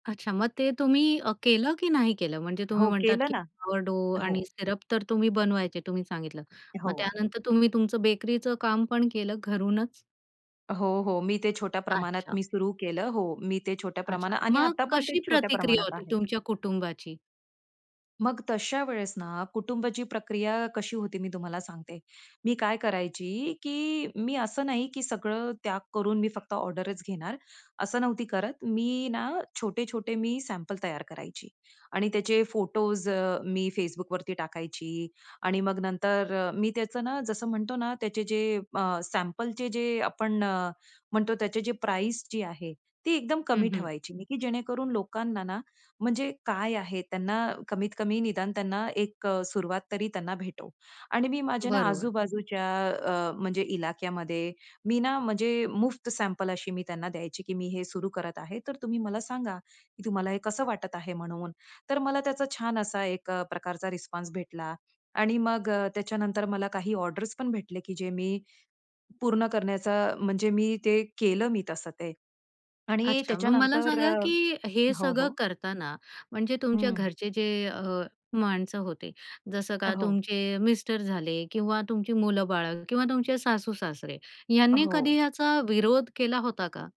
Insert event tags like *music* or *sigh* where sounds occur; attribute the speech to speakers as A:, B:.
A: अच्छा, मग ते तुम्ही अ, केलं की नाही केलं? म्हणजे तुम्ही
B: हो,
A: म्हणतात
B: केलं
A: की
B: ना.
A: *unintelligible* आणि
B: हो.
A: सिरप तर तुम्ही बनवायचे तुम्ही सांगितलं. मग
B: हो.
A: त्यानंतर तुम्ही तुमचं बेकरीचं काम पण केलं घरूनच?
B: हो, हो. मी ते छोट्या प्रमाणात
A: अच्छा.
B: मी सुरू केलं हो, मी ते छोट्या
A: अच्छा,
B: प्रमाणात आणि
A: मग
B: आता पण ते
A: कशी
B: छोट्या
A: प्रतिक्रिया
B: प्रमाणात
A: होती
B: आहे.
A: तुमच्या कुटुंबाची?
B: मग तशा वेळेस ना, कुटुंबाची प्रक्रिया कशी होती मी तुम्हाला सांगते. मी काय करायची, की मी असं नाही की सगळं त्याग करून मी फक्त ऑर्डरच घेणार, असं नव्हती करत. मी ना छोटे-छोटे मी सॅम्पल तयार करायची आणि त्याचे फोटोज अ, मी Facebookवरती टाकायची आणि मग नंतर अ, मी त्याचं ना, जसं म्हणतो ना, त्याचे जे अ, सॅम्पलचे जे आपण अ, म्हणतो, त्याचे जे प्राईस जी आहे ती एकदम कमी
A: हं, हं.
B: ठेवायची, की जेणेकरून लोकांना म्हणजे काय आहे? त्यांना कमीत-कमी निदान त्यांना एक अ, सुरुवात तरी त्यांना भेटो आणि मी माझ्या ना
A: बरोबर.
B: आजू-बाजूच्या अ, म्हणजे इलाक्यामध्ये मी ना, म्हणजे मुफ्त सॅम्पल अशी मी त्यांना द्यायची, "की मी हे सुरू करत आहे, तर तुम्ही मला सांगा, की तुम्हाला हे कसं वाटत आहे म्हणून?" तर मला त्याचा छान असा एक अ, प्रकारचा रिस्पॉन्स भेटला आणि मग अ, त्याच्यानंतर मला काही ऑर्डर्स पण भेटले, की जे मी पूर्ण करण्याचं, म्हणजे मी ते केलं मी तसं ते आणि
A: अच्छा, मग मला
B: त्याच्यानंतर
A: सांगा,
B: अ
A: की हे
B: हो,
A: सगळं
B: हो.
A: करतांना, म्हणजे तुमच्या
B: हं.
A: घरचे जे अ, माणसं होते, जसं का
B: हो.
A: तुमचे मिस्टर झाले किंवा तुमची मुलं-बाळ किंवा तुमचे सासू-सासरे, यांनी कधी
B: हो.
A: याचा विरोध केला होता का?